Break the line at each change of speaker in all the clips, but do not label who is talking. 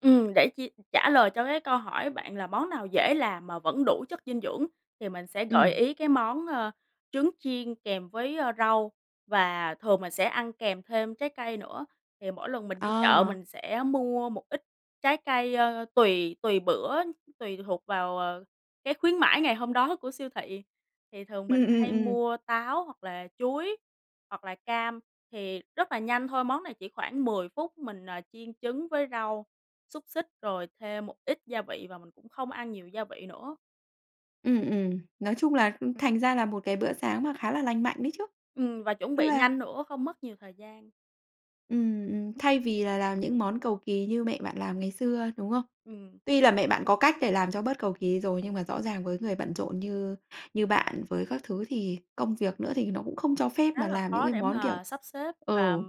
Ừm, để chi trả lời cho cái câu hỏi bạn là món nào dễ làm mà vẫn đủ chất dinh dưỡng thì mình sẽ gợi
Ừm.
ý cái món, ờ, trứng chiên kèm với, ơ, rau, và thường mình sẽ ăn kèm thêm trái cây nữa. Thì mỗi lần mình đi chợ
À.
mình sẽ mua một ít trái cây, ờ, tùy tùy bữa, tùy thuộc vào, ờ, cái khuyến mãi ngày hôm đó của siêu thị. Thì thường mình
Ừm, ừm,
hay
ừm.
mua táo, hoặc là chuối, hoặc là cam. Thì rất là nhanh thôi, món này chỉ khoảng 10 phút, mình, à, chiên trứng với rau, xúc xích, rồi thêm một ít gia vị và mình cũng không ăn nhiều gia vị nữa.
Ừm, ừm, nói chung là thành ra là một cái bữa sáng mà khá là lành mạnh đấy chứ.
Ừm, và chuẩn
Nó
bị
là
nhanh nữa, không mất nhiều thời gian.
Ừm, ừm. Thay vì là làm những món cầu kỳ như mẹ bạn làm ngày xưa, đúng không?
Ừm.
Tuy là mẹ bạn có cách để làm cho bớt cầu kỳ rồi, nhưng mà rõ ràng với người bận rộn như như bạn với các thứ thì công việc nữa thì nó cũng không cho phép
Khá
mà
là
làm những
khó
cái
để
món kiểu
mà sắp xếp và
ừ.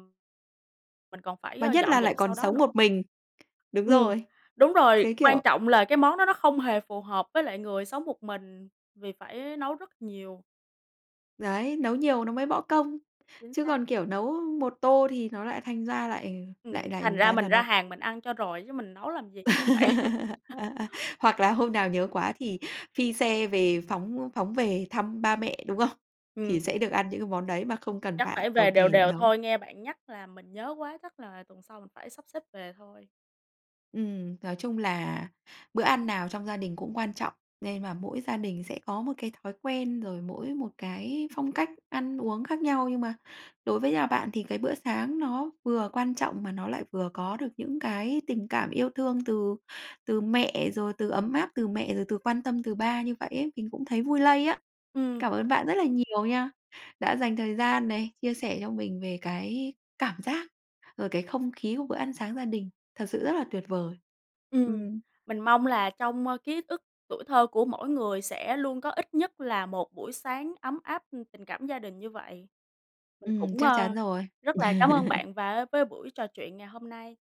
mình còn phải,
Mà
ơ,
nhất
dọn
là lại
dẹp
còn
sau đó
sống một
nữa.
mình. Đúng
Ừm,
rồi.
đúng rồi,
Cái
quan
kiểu
trọng là cái món đó nó không hề phù hợp với lại người sống một mình, vì phải nấu rất nhiều.
Đấy, nấu nhiều nó mới bõ công.
Chính
Chứ
xác.
còn, kiểu, nấu một tô thì nó lại thành ra lại
Ừm,
lại
thành
lại
ra
ra là
mình ra
nó
hàng mình ăn cho rồi chứ mình nấu làm gì, đúng hông bạn?
Hoặc là hôm nào nhớ quá thì phi xe về, phóng phóng về thăm ba mẹ, đúng không? Thì
Ừm.
sẽ được ăn những cái món đấy mà không cần
Chắc
phải
phải
cầu
về đều
kỳ để
đều
nấu.
thôi, nghe bạn nhắc làm mình nhớ quá, chắc là tuần sau mình phải sắp xếp về thôi.
Ừm, nói chung là bữa ăn nào trong gia đình cũng quan trọng nên và mỗi gia đình sẽ có một cái thói quen rồi mỗi một cái phong cách ăn uống khác nhau, nhưng mà đối với nhà bạn thì cái bữa sáng nó vừa quan trọng mà nó lại vừa có được những cái tình cảm yêu thương từ từ mẹ, rồi từ ấm áp từ mẹ, rồi từ quan tâm từ ba như vậy ấy, mình cũng thấy vui lây á.
Ừm.
Cảm ơn bạn rất là nhiều nha, đã dành thời gian này, chia sẻ cho mình về cái cảm giác, rồi cái không khí của bữa ăn sáng gia đình, thật sự rất là tuyệt vời.
Ừm,
Ừm.
mình mong là trong, ơ, ký ức tuổi thơ của mỗi người sẽ luôn có ít nhất là một buổi sáng ấm áp tình cảm gia đình như vậy. Mình
Ừm,
cũng,
chắc chắn
ờ,
rồi.
rất là cám ơn bạn và với buổi trò chuyện ngày hôm nay.